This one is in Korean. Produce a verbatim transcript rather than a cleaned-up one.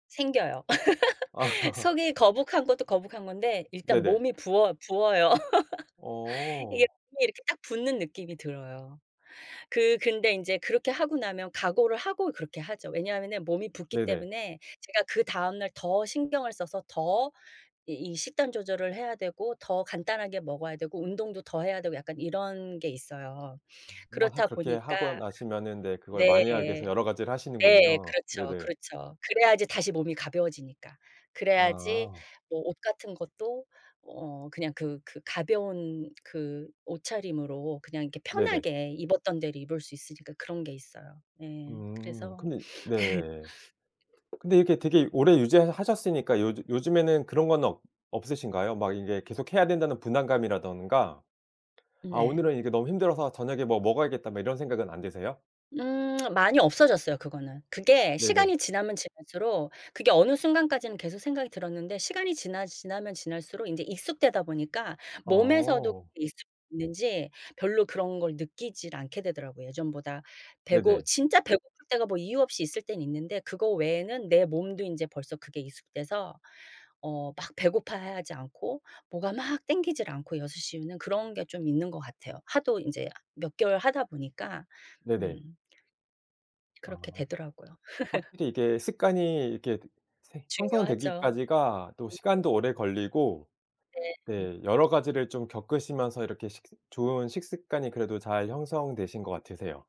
생겨요. 속이 거북한 것도 거북한 건데 일단 네네. 몸이 부어 부어요. 이게 어. 몸이 이렇게 딱 붓는 느낌이 들어요. 그 근데 인제 그렇게 하고 나면 각오를 하고 그렇게 하죠. 왜냐하면 몸이 붓기 네네. 때문에 제가 그다음 날 더 신경을 써서 더 이 이 식단 조절을 해야 되고 더 간단하게 먹어야 되고 운동도 더 해야 되고 약간 이런 게 있어요. 한번 하 그렇다 그렇게 하고 보니까 나시면은 네 그걸 네. 만회하기 위해서 여러 가지를 네 하시는군요. 그렇죠, 네네. 그렇죠. 그래야지 다시 몸이 가벼워지니까. 그래야지 아. 뭐 옷 같은 것도 어 그냥 그 그 가벼운 그 옷차림으로 그냥 이렇게 네네. 편하게 입었던 대로 입을 수 있으니까 그런 게 있어요. 네 음 그래서 근데 네. 근데 이렇게 되게 오래 유지를 하셨으니까 요즈 요즘에는 그런 건 없 없으신가요? 막 이게 계속 해야 된다는 부담감이라든가 '아 네. 오늘은 이게 너무 힘들어서 저녁에 뭐 먹어야겠다.' 막 이런 생각은 안 드세요? 음 많이 없어졌어요 그거는. 그게 네네. 시간이 지나면 지날수록 그게 어느 순간까지는 계속 생각이 들었는데 시간이 지나 지나면 지날수록 이제 익숙되다 보니까 몸에서도 어. 그게 익숙해졌는지 별로 그런 걸 느끼질 않게 되더라고요 예전보다. 배고 네네. 진짜 배고플 때가 뭐 이유 없이 있을 때는 있는데 그거 외에는 내 몸도 인제 벌써 그게 익숙해서 어 막 배고파하지 않고 뭐가 막 땡기지 않고 여섯 시 이후는 그런 게 좀 있는 것 같아요. 하도 인제 몇 개월 하다 보니까 네네. 음. 그렇게 아. 되더라고요. 확실히 이게 습관이 이렇게 생 중요하죠. 형성되기까지가 또 [unintelligible] 시간도 오래 걸리고 네. 음. 네 여러 가지를 좀 겪으시면서 이렇게 식스 좋은 식습관이 그래도 잘 형성되신 것 같으세요.